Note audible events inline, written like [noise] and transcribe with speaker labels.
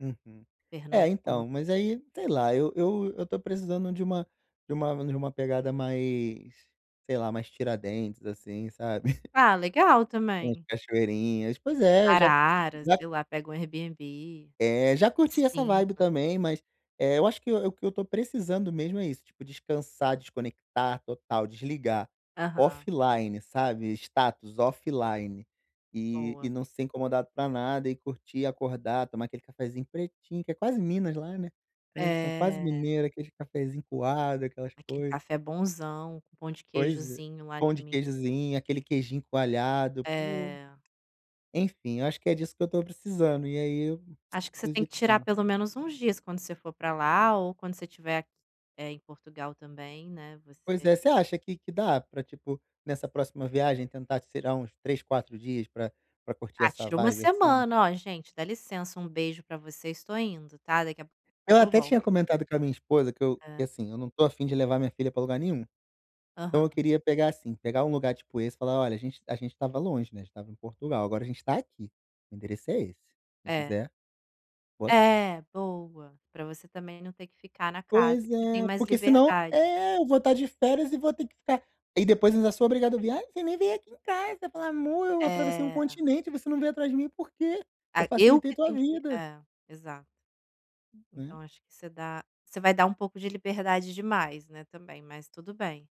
Speaker 1: Uhum.
Speaker 2: Fernando,
Speaker 1: É,
Speaker 2: como
Speaker 1: então,
Speaker 2: foi?
Speaker 1: mas aí, sei lá, eu eu eu tô precisando de uma de uma de uma pegada mais, sei lá, mais Tiradentes assim, sabe,
Speaker 2: Ah, legal,
Speaker 1: [chuckles] umas
Speaker 2: também.
Speaker 1: cachoeirinhas. Pois é, eu já
Speaker 2: Araras,
Speaker 1: já
Speaker 2: sei lá, pega o Airbnb
Speaker 1: É, já
Speaker 2: com
Speaker 1: curti essa vibe
Speaker 2: piscina.
Speaker 1: também, mas, eh, eu acho que o o que eu estou precisando mesmo é isso, tipo, descansar, desconectar total, desligar,
Speaker 2: Aham.
Speaker 1: offline, sabe, status offline, e
Speaker 2: Boa.
Speaker 1: e não ser incomodado para nada e curtir e acordar, tomar aquele cafezinho pretinho, que é quase Minas lá, né? Então, eles são quase
Speaker 2: É.
Speaker 1: mineiro, aquele cafezinho coado, aquelas
Speaker 2: Aquele
Speaker 1: coisa.
Speaker 2: café bonzão, com um pão de
Speaker 1: Pois
Speaker 2: queijozinho lá de
Speaker 1: pão de
Speaker 2: Minas.
Speaker 1: queijinho, aquele queijinho coalhado, pô.
Speaker 2: É.
Speaker 1: Enfim, acho que é disso que eu tô precisando e aí, [clicks tongue] eu
Speaker 2: Acho que você
Speaker 1: preciso
Speaker 2: tem
Speaker 1: de
Speaker 2: que tirar
Speaker 1: tempo.
Speaker 2: pelo menos uns dias quando você for pra lá ou quando você estiver, eh, em Portugal também, né,
Speaker 1: Pois
Speaker 2: você
Speaker 1: é, você acha que que dá? Para, tipo, nessa próxima viagem tentar, tirar uns 3, 4 dias pra pra curtir
Speaker 2: Ah,
Speaker 1: essa
Speaker 2: tira uma
Speaker 1: vibe, assim.
Speaker 2: semana: "Ó, gente, dá licença, um beijo pra vocês, tô indo, tá. Daqui a pouco
Speaker 1: Ela
Speaker 2: eu
Speaker 1: até
Speaker 2: volto".
Speaker 1: tinha comentado com a minha esposa que eu
Speaker 2: Hã.
Speaker 1: que, assim, não tô afim de levar minha filha para lugar nenhum. Então, eu
Speaker 2: Aham.
Speaker 1: queria pegar, assim, pegar um lugar, tipo, esse, e falar: "Olha, a gente a gente estava longe, né, gente estava em Portugal. Agora a gente tá aqui, o endereço é esse, quem
Speaker 2: É.
Speaker 1: quiser, boa sorte".
Speaker 2: É, boa. Pra você também não ter que ficar na casa
Speaker 1: Pois
Speaker 2: que você tem
Speaker 1: é.
Speaker 2: mais
Speaker 1: Porque, senão
Speaker 2: liberdade.
Speaker 1: é, eu vou estar de férias e vou ter que ficar e depois ainda sou obrigado a ouvir: "Ai, você nem veio aqui em casa". Falar: "Amor, eu atravessei um
Speaker 2: É.
Speaker 1: continente e você não veio atrás de mim, por quê? Eu
Speaker 2: A eu
Speaker 1: facilitei
Speaker 2: que
Speaker 1: tua
Speaker 2: tenho que
Speaker 1: vida".
Speaker 2: é, exato.
Speaker 1: Né?
Speaker 2: Então acho que você dá você vai dar um pouco de liberdade demais, né, também, mas tudo bem.